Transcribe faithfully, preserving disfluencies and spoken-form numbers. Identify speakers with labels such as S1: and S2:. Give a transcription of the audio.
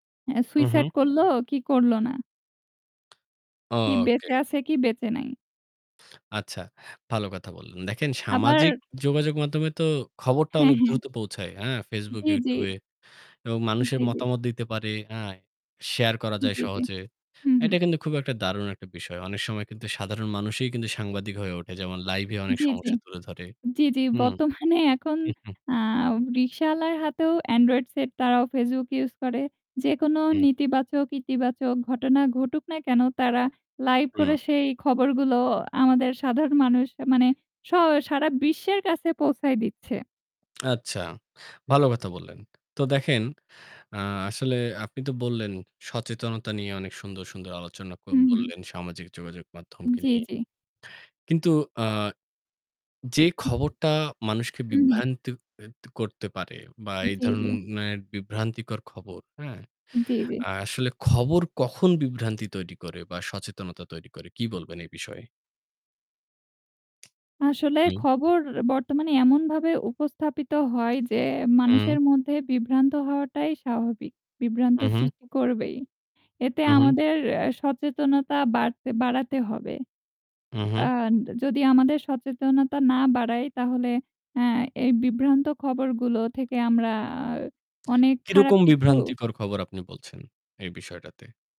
S1: হ্যা,
S2: হু,
S1: সুইসাইড
S2: হু।
S1: করল, কি করল না। কি
S2: ওকে।
S1: বেঁচে আছে কি বেঁচে নাই।
S2: আচ্ছা, ভালো কথা বললেন। দেখেন সামাজিক
S1: আবার
S2: যোগাযোগ মাধ্যমে তো খবরটা
S1: হ্যাঁ,
S2: অনেক
S1: হ্যাঁ।
S2: দ্রুত পৌঁছায়। অ্যাঁ ফেসবুক,
S1: জ্বি, জ্বি।
S2: ইউটিউবে। এবং মানুষের
S1: জ্বি, জ্বি।
S2: মতামত দিতে পারে। অ্যাঁ শেয়ার করা যায়
S1: জ্বি, জ্বি।
S2: সহজে।
S1: হু, হু।
S2: এটা কিন্তু খুব একটা দারুণ একটা বিষয়। অনেক সময় কিন্তু সাধারণ মানুষই কিন্তু সাংবাদিক হয়ে ওঠে। যেমন লাইভে অনেক
S1: জ্বি, জ্বি।
S2: সমস্যা তুলে ধরে।
S1: জ্বি, জ্বি
S2: হু।
S1: বর্তমানে এখন অ্যাঁ রিক্শাওয়ালার হাতেও এন্ড্রয়েড সেট তারাও ফেসবুক ইউস করে। যেকোনো
S2: হুম।
S1: নেতিবাচক ইতিবাচক ঘটনা ঘটুক না কেন তারা লাইভ
S2: হুম।
S1: করে সেই খবরগুলোও আমাদের সাধারণ মানুষ মানে স সারা বিশ্বের কাছে পৌঁছায় দিচ্ছে।
S2: আচ্ছা, ভালো কথা বললেন। তো দেখেন অ্যাঁ আসলে আপনি তো বললেন সচেতনতা নিয়ে অনেক সুন্দর, সুন্দর আলোচনা কর
S1: হু, হু।
S2: বললেন সামাজিক যোগাযোগ মাধ্যমকে
S1: জ্বি,
S2: নিয়ে
S1: জ্বি।
S2: কিন্তু অ্যাঁ যে
S1: হু।
S2: খবরটা মানুষকে
S1: হু, হু।
S2: বিভ্রান্তি এ ক করতে পারে বা এই
S1: জ্বি, জ্বি।
S2: ধরননের বিভ্রান্তিকর খবর অ্যাঁ
S1: জ্বি, জ্বি।
S2: আসলে খবর কখন বিভ্রান্তি তৈরি করে বা সচেতনতা তৈরি করে। কী বলবেন এই বিষয়ে?
S1: আসলে
S2: হুম।
S1: খবর বর্তমানে এমনভাবে উপস্থাপিত হয় যে,
S2: হুম।
S1: মানুষের মধ্যে বিভ্রান্ত হওয়াটাই স্বাভাবিক। বিভ্রান্ত
S2: হু, হু।
S1: সৃষ্টি করবেই। এতে
S2: হু, হু।
S1: আমাদের অ্যাঁ সচেতনতা বাড়তে বাড়াতে হবে।
S2: হু, হু।
S1: আর যদি আমাদের সচেতনতা না বাড়ায় তাহলে অ্যাঁ এই বিভ্রান্ত খবরগুলো থেকে আমরা অনেক খারাপ
S2: কিরকম
S1: কিছু
S2: বিভ্রান্তিকর খবর আপনি বলছেন এই বিষয়টাতে?